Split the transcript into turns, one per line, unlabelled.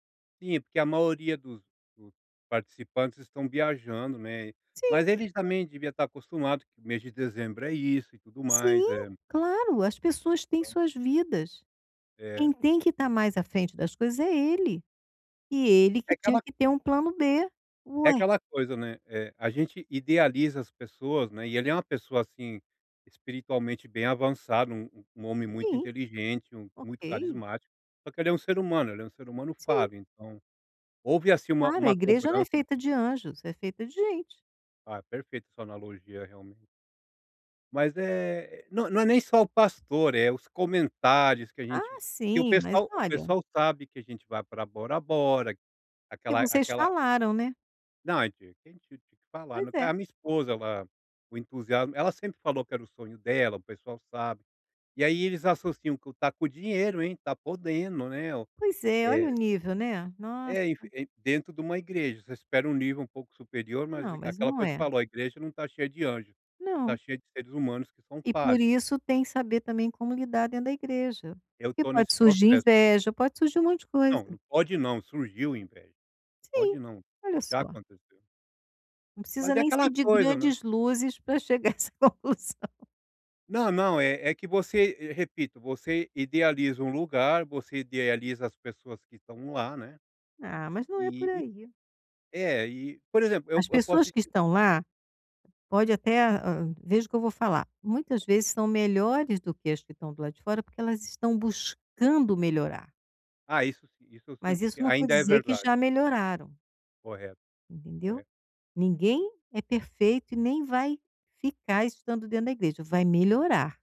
Sim, porque a maioria dos dos participantes estão viajando, né,
Sim.
mas eles também devia estar acostumado que o mês de dezembro é isso e tudo
Sim,
mais, eh
claro. As pessoas têm
Então.
suas vidas,
É.
quem tem que estar mais à frente das coisas é ele, e ele
É
que tinha
aquela
que ter um plano B,
é
ué.
aquela coisa, né, eh, a gente idealiza as pessoas, né, e ele é uma pessoa, assim, espiritualmente bem avançado, um um homem muito
Sim,
inteligente, um muito
ok.
carismático, só que ele é um ser humano, ele é um ser humano
Sim.
falho então houve, assim, uma
Claro, a
uma
igreja não é
cobrança
feita de anjos, é feita de gente.
Ah, perfeita sua analogia, realmen Mas é não não é nem só o pastor, é os comentários que a
Ah,
gente que o
sim, mas
pessoal o
olha
pessoal sabe que a gente vai pra Bora Bora,
Que
aquela
vocês
aquela
falaram, né.
Não, [unintelligible] que falar,
Pois
eh,
é.
a minha esposa ela o entusiasmo ela sempre falou que era o sonho dela, o pessoal sabe. E aí eles associam que: "Tá com o dinheiro, hein, tá podendo, né, o"
Pois é. Olha
eh
o nível, né. Nossa.
É, enfi e dentro de uma igreja, você espera um nível um pouco superior, mas
Não, mas
aquela
não
coisa que
é.
falou, a igreja não tá cheia de anjo, tá
Não.
cheia de seres humanos que são
E por
falhos.
isso tem saber também como lidar dentro da igreja,
Eu
porque
estou nesse
pode surgir
processo.
inveja, pode surgir um monte de
Não, não
coisa.
pode não, surgiu inveja, pode
Sim,
não,
olha
já
só.
aconteceu.
Não precisa
Mas é
nem
aquela
ser de
coisa, né.
grandes luzes pra chegar essa conclusão.
Não, não, é é que você, repito, você idealiza um lugar, você idealiza as pessoas que estão lá, né.
Ah, mas não é por
E e
aí.
é, e por exemplo, eu
As
eu posso
pessoas
te
que
di
estão lá pode até, ah, veja o que eu vou falar, muitas vezes são melhores do que as que estão do lado de fora, porque elas estão buscando melhorar.
Ah, isso si isso eu
Mas
sinto que
isso não vou
ainda é
dizer que
verda
já melhoraram.
Correto.
Entendeu?
Corre
Ninguém é perfeito e nem vai ficar estando dentro da igreja. Vai melhorar.